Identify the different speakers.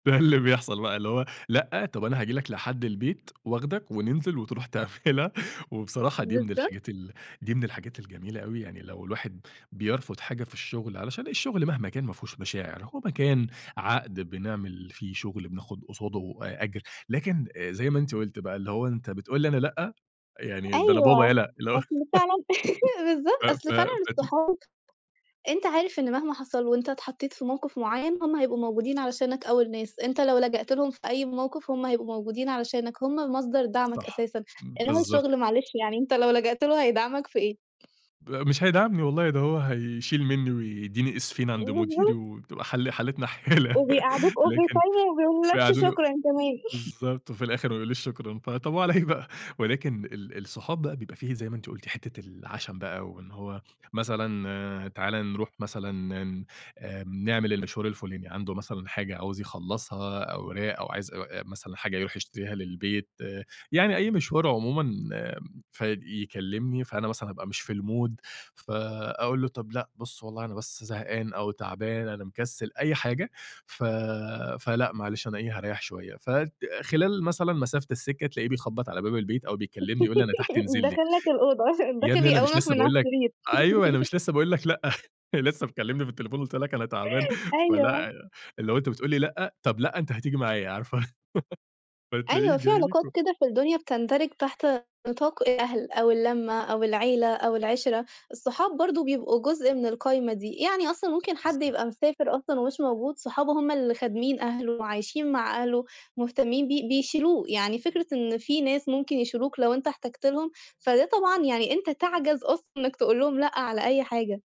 Speaker 1: ده اللي بيحصل بقى اللي هو لأ، طب أنا هاجي لك لحد البيت، واخدك وننزل، وتروح تعملها. وبصراحة دي من
Speaker 2: بالضبط.
Speaker 1: الحاجات ال دي من الحاجات الجميلة أوي، يعني لو الواحد بيرفض حاجة في الشغل علشان الشغل مهما كان ما فيهوش مشاعر، هو مكان عقد بنعمل فيه شغل، بناخد قصاده أ أجر، لكن زي ما أنتِ قلتِ بقى اللي هو أنت بتقول لي أنا لأ؟ يعني، ده أنا بابا
Speaker 2: أيوه،
Speaker 1: يالا. اللي هو
Speaker 2: أصل فعلًا بالضبط،
Speaker 1: ف
Speaker 2: أصل فعلًا
Speaker 1: ف فت
Speaker 2: الصحاب، أنت عارف إن مهما حصل وأنت اتحطيت في موقف معيّن هم هيبقوا موجودين علشانك أول ناس. أنت لو لجأت لهم في أي موقف، هم هيبقوا موجودين علشانك. هم مصدر دعمك
Speaker 1: صح،
Speaker 2: أساسًا، إنما
Speaker 1: بالضبط.
Speaker 2: الشغل معلش يعني أنت لو لجأت له هيدعمك في إيه؟
Speaker 1: ب مش هيدعمني والله، ده هو هيشيل مني ويديني اسفين عند مديري،
Speaker 2: بالضبط.
Speaker 1: وبتبقى ح حالتنا حالة
Speaker 2: وبيقعدوك over
Speaker 1: لكن
Speaker 2: time وما بيقولولكش
Speaker 1: بيقعدوني و
Speaker 2: شكرًا كمان.
Speaker 1: بالضبط، وفي الآخر ما يقوليش شكرًا. طب، وعلى إيه بقى. ولكن ال الصحاب بقى بيبقى في، زي ما أنتِ قلتِ حتة العشم بقى وإن هو، مثلًا تعالَ نروح مثلًا ن ن آآ نعمل المشوار الفلاني، عنده مثلًا حاجة عاوز يخلصها، أوراق أو عايز مثلًا حاجة يروح يشتريها للبيت، يعني أي مشوار عمومًا. فيكلمني، فأنا مثلًا أبقى مش في المود فأقول له "طب لأ، بُص والله أنا بس زهقان أو تعبان. أنا مكسل." أي حاجة ف فلأ معلش أنا إيه، هاريح شوية. فخلال مثلًا مسافة السكة، تلاقيه بيخبط على باب البيت أو بيكلمني يقول لي أنا تحت انزل لي.
Speaker 2: داخل لك الأوضة،
Speaker 1: يا
Speaker 2: داخل
Speaker 1: ابني أنا مش
Speaker 2: يقومك
Speaker 1: لسه
Speaker 2: من على
Speaker 1: باقول لك
Speaker 2: السرير.
Speaker 1: أيوه أنا مش لسه باقول لك لأ لسه مكلمني في التليفون وقُلت لك أنا تعبان.
Speaker 2: أيوه.
Speaker 1: فلأ، اللي هو أنت بتقول لي لأ؟ طب لأ، أنت هتيجي معايا. عارفة فتلاقيه
Speaker 2: أيوه، في
Speaker 1: جاي لِك
Speaker 2: علاقات
Speaker 1: و
Speaker 2: كده في الدنيا بتندرج تحت نطاق الأهل أو اللمة أو العيلة أو العِشرة. الصحاب برضه بيبقوا جزء من القايمة دي، يعني أصلًا ممكن حد
Speaker 1: بالضبط.
Speaker 2: يبقى مسافر أصلًا ومش موجود، صحابه هم اللي خادمين أهله وعايشين مع أهله، مهتمين بيه، بيشيلوه. يعني فكرة إن في ناس ممكن يشيلوك لو أنت احتاجت لهم، فده طبعًا يعني أنت تعجَز أصلًا إنك تقول لهم لأ على أي حاجة.